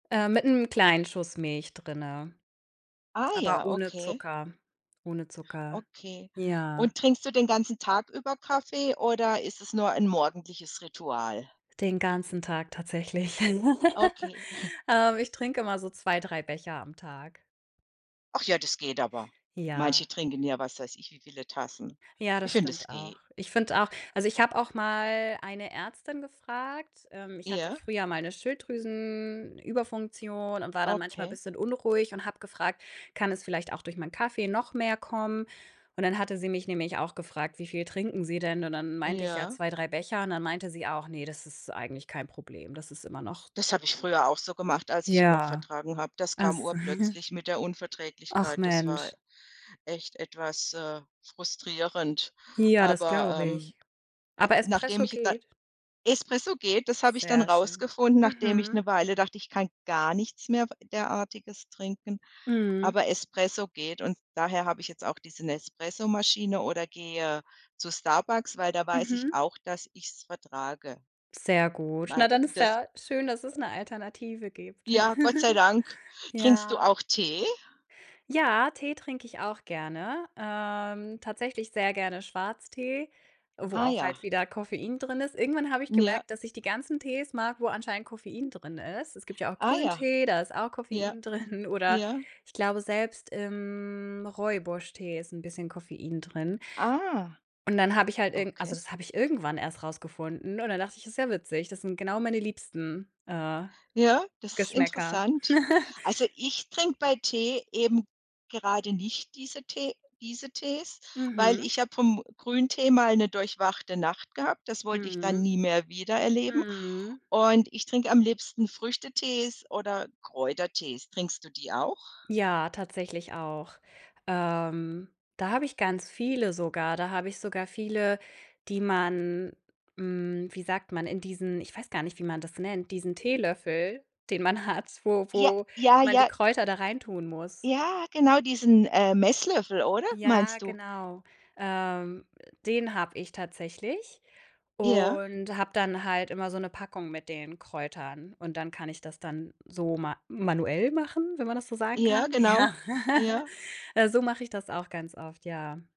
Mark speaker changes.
Speaker 1: Ähm, mit 'nem kleinen Schuss Milch drinnen,
Speaker 2: Ah
Speaker 1: aber
Speaker 2: ja,
Speaker 1: ohne
Speaker 2: okay.
Speaker 1: Zucker ohne Zucker.
Speaker 2: Okay,
Speaker 1: Ja.
Speaker 2: und trinkst du den ganzen Tag über Kaffee oder ist es nur ein morgendliches Ritual?
Speaker 1: Den ganzen Tag tatsächlich.
Speaker 2: Okay.
Speaker 1: Ähm, ich trinke immer so 2, 3 Becher am Tag.
Speaker 2: Ach ja, das geht aber. Manche
Speaker 1: Ja.
Speaker 2: trinken ja was weiß ich, wie viele Tassen.
Speaker 1: Ja,
Speaker 2: Ich
Speaker 1: das
Speaker 2: finde, das
Speaker 1: stimmt auch.
Speaker 2: geht.
Speaker 1: Ich finde auch also, ich habe auch mal eine Ärztin gefragt, ähm, ich hatte
Speaker 2: Ja.
Speaker 1: früher mal 'ne Schilddrüsenüberfunktion und war dann manchmal
Speaker 2: Okay.
Speaker 1: bisschen unruhig und habe gefragt: „Kann es vielleicht auch durch mein Kaffee noch mehr kommen?“, und dann hatte sie mich nämlich auch gefragt: „Wie viel trinken Sie denn?“, und dann meinte ich: „Ja
Speaker 2: Ja.
Speaker 1: 2, 3 Becher.“, und dann meinte sie auch: „Ne, das eigentlich kein Problem. Das ist immer noch“
Speaker 2: Das habe ich früher auch so gemacht, als ich ihn noch
Speaker 1: Ja.
Speaker 2: vertragen habe. Das
Speaker 1: Ach
Speaker 2: kam
Speaker 1: s
Speaker 2: urplötzlich mit der
Speaker 1: Ach,
Speaker 2: Unverträglichkeit. Das war
Speaker 1: Mensch.
Speaker 2: echt etwas, äh, frustrierend.
Speaker 1: Ja, das
Speaker 2: Aber,
Speaker 1: glaube
Speaker 2: ähm,
Speaker 1: ich.
Speaker 2: äh,
Speaker 1: Aber
Speaker 2: nachdem
Speaker 1: Espresso
Speaker 2: ich da
Speaker 1: geht?
Speaker 2: Espresso geht, das habe ich dann
Speaker 1: Sehr schön.
Speaker 2: rausgefunden, nachdem ich
Speaker 1: Mhm.
Speaker 2: 'ne Weile dachte, ich kann gar nichts mehr w Derartiges trinken.
Speaker 1: Mhm.
Speaker 2: Aber Espresso geht und daher habe ich jetzt auch diese Nespresso-Maschine oder gehe zu Starbucks, weil da weiß ich
Speaker 1: Mhm.
Speaker 2: auch, dass ich's vertrage.
Speaker 1: Sehr gut. Na,
Speaker 2: Weil
Speaker 1: dann ist
Speaker 2: das
Speaker 1: ja schön, dass es 'ne Alternative gibt.
Speaker 2: Ja, Gott sei Dank. Trinkst du
Speaker 1: Ja.
Speaker 2: auch Tee?
Speaker 1: Ja, Tee trinke ich auch gerne, ähm, tatsächlich sehr gerne Schwarztee, wo
Speaker 2: Ah,
Speaker 1: auch
Speaker 2: ja.
Speaker 1: halt wieder Koffein drin ist. Irgendwann habe ich
Speaker 2: N ja.
Speaker 1: gemerkt, dass ich die ganzen Tees mag, wo anscheinend Koffein drin ist. Es gibt ja auch
Speaker 2: Ah, ja.
Speaker 1: Grüntee, da ist auch
Speaker 2: Ja.
Speaker 1: Koffein drin, oder
Speaker 2: Ja.
Speaker 1: ich glaube, selbst im Rooibos-Tee ist 'n bisschen Koffein drin.
Speaker 2: Ah.
Speaker 1: Und dann habe ich halt irgen also,
Speaker 2: Okay.
Speaker 1: das habe ich irgendwann erst rausgefunden und dann dachte ich: „Ist ja witzig, das sind genau meine liebsten, äh,
Speaker 2: Ja, das ist
Speaker 1: Geschmäcker.“
Speaker 2: interessant. Also, ich trinke bei Tee eben gerade nicht diese Tee diese Tees, weil
Speaker 1: Mhm.
Speaker 2: ich habe vom Grüntee mal 'ne durchwachte Nacht gehabt. Das wollte ich dann
Speaker 1: Mhm.
Speaker 2: nie mehr wieder erleben
Speaker 1: Mhm.
Speaker 2: und ich trinke am liebsten Früchtetees oder Kräutertees. Trinkst du die auch?
Speaker 1: Ja, tatsächlich auch. Ähm, da habe ich ganz viele sogar. Da habe ich sogar viele, die man, hm, wie sagt man, in diesen ich weiß gar nicht, wie man das nennt, diesen Teelöffel, den man hat, wo
Speaker 2: Ja,
Speaker 1: wo
Speaker 2: ja,
Speaker 1: man die
Speaker 2: ja.
Speaker 1: Kräuter da rein tun muss.
Speaker 2: Ja, genau, diesen, äh, Messlöffel, oder,
Speaker 1: Ja,
Speaker 2: meinst du?
Speaker 1: genau. Ähm, äh, den habe ich tatsächlich
Speaker 2: Ja.
Speaker 1: und habe dann halt immer so 'ne Packung mit den Kräutern und dann kann ich das dann so ma manuell machen, wenn man das so sagen
Speaker 2: Ja,
Speaker 1: kann.
Speaker 2: genau.
Speaker 1: Ja.
Speaker 2: Ja.
Speaker 1: Ja, so mache ich das auch ganz oft, ja.